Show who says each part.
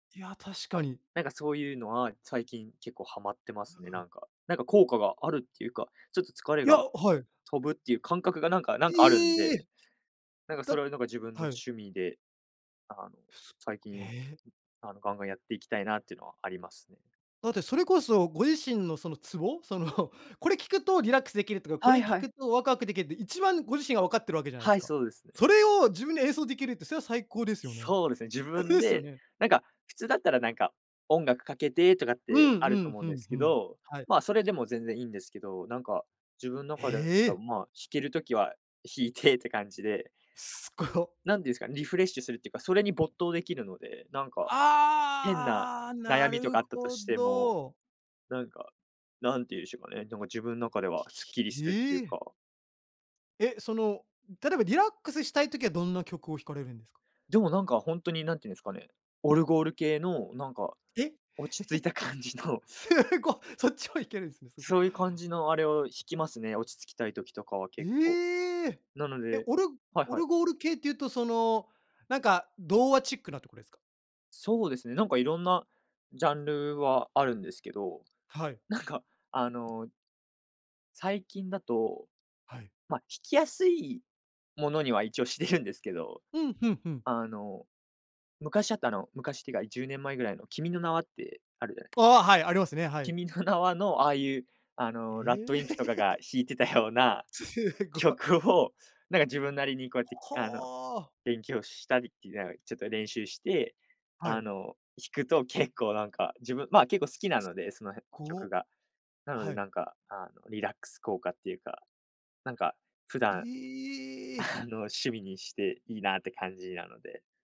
Speaker 1: いや、確かに。
Speaker 2: なんかそういうのは、最近結構ハマってますね、なんか、なんか効果があるっていうか、ちょっと疲れ
Speaker 1: いや、
Speaker 2: が
Speaker 1: あ、はい。
Speaker 2: 飛ぶっていう感覚がなんかなん
Speaker 1: い
Speaker 2: かあるん
Speaker 1: え。う
Speaker 2: で、なんかそ
Speaker 1: だ
Speaker 2: れをなんか自分の
Speaker 1: はい。
Speaker 2: 趣味で、あの、
Speaker 1: ふす
Speaker 2: 最近、う
Speaker 1: え。
Speaker 2: あの、ガンガンやっていきたいなっていうのはありますね。
Speaker 1: だってそれこそご自身のそのツボ、そのこれ聞くとリラックスできるとか、こ
Speaker 2: は
Speaker 1: れ
Speaker 2: い
Speaker 1: 聞
Speaker 2: は
Speaker 1: く
Speaker 2: い。
Speaker 1: とワクワクでけで、一番ご自身がわかってるわけじゃない
Speaker 2: は
Speaker 1: す
Speaker 2: い、
Speaker 1: か。
Speaker 2: そうですね。
Speaker 1: それを自分で演奏できるってそれは最高ですよね。
Speaker 2: そうですね、自
Speaker 1: ふ
Speaker 2: 分
Speaker 1: う、すよ
Speaker 2: で、
Speaker 1: ね。
Speaker 2: なんか普通だったらなんか、音楽かけてとかっ
Speaker 1: うん
Speaker 2: てある
Speaker 1: う
Speaker 2: と
Speaker 1: ん、
Speaker 2: 思う
Speaker 1: ふ
Speaker 2: んで
Speaker 1: ん
Speaker 2: す
Speaker 1: ふ
Speaker 2: け
Speaker 1: ん。
Speaker 2: ど、
Speaker 1: はい。
Speaker 2: まあ、それでも全然いいんですけど、なんか、自分中で、
Speaker 1: へ
Speaker 2: あ、
Speaker 1: え。
Speaker 2: まあしける時は弾いてって感じで。
Speaker 1: すご。
Speaker 2: なんていうんすか、リフレッシュするっていうか、それに没頭できるので、なんか、変な
Speaker 1: ああ、な
Speaker 2: 悩みと
Speaker 1: る
Speaker 2: かあったと
Speaker 1: ほ
Speaker 2: しても、
Speaker 1: ど。
Speaker 2: なんか、なんて言うしょかね、でも自分中では
Speaker 1: ひひ
Speaker 2: すっ
Speaker 1: ひ
Speaker 2: きり
Speaker 1: ひ、
Speaker 2: するって
Speaker 1: へ
Speaker 2: いう
Speaker 1: え。
Speaker 2: か。
Speaker 1: え、その、うん、例えばリラックスしたいときはどんな曲を弾かれるんですか？
Speaker 2: でもなんか、ほんとに何ていうんすかね、オルゴール系のなんか、
Speaker 1: え、
Speaker 2: 落ち着いた 感じの。
Speaker 1: すご、そっちも弾けるんすね、すご。
Speaker 2: そういう感じのあれを弾きますね、落ち着きたい時とかは結構。
Speaker 1: ええ。
Speaker 2: なの
Speaker 1: え、
Speaker 2: で
Speaker 1: オルゴ
Speaker 2: はい
Speaker 1: オ
Speaker 2: は
Speaker 1: ル
Speaker 2: い。
Speaker 1: ゴール系っていうとその、なんか童話チックなとこですか？
Speaker 2: そうですね、なんかいろんなジャンルはあるんですけど、
Speaker 1: はい。
Speaker 2: なんか、あの最近だと、
Speaker 1: はい。
Speaker 2: まあ、弾きやすいものには一応してるんですけど
Speaker 1: うん、ふんふん。
Speaker 2: あの、昔あった、あの、昔っていうか10年前ぐらいの君の名はってあるじゃない？
Speaker 1: ああ、はい、ありますね、はい。
Speaker 2: 君の名はのああいう、あの、
Speaker 1: え
Speaker 2: RADWIMPS とか
Speaker 1: え。
Speaker 2: が 弾いてたような
Speaker 1: すごい。
Speaker 2: 曲を、なんか自分なりにこうやって、あの、
Speaker 1: ほあ。
Speaker 2: 勉強したりてあおいちょっと練習して、
Speaker 1: は
Speaker 2: あ
Speaker 1: い。
Speaker 2: の、弾くと結構なんか、自分、まあ、結構好
Speaker 1: す
Speaker 2: き
Speaker 1: す
Speaker 2: なので、その辺曲
Speaker 1: こ
Speaker 2: が。な
Speaker 1: あ、
Speaker 2: ので
Speaker 1: はい。
Speaker 2: なんか、あの、リラックス効果っていうか、なんか普段、
Speaker 1: ええ！
Speaker 2: あの、趣味にしていいなって感じなので。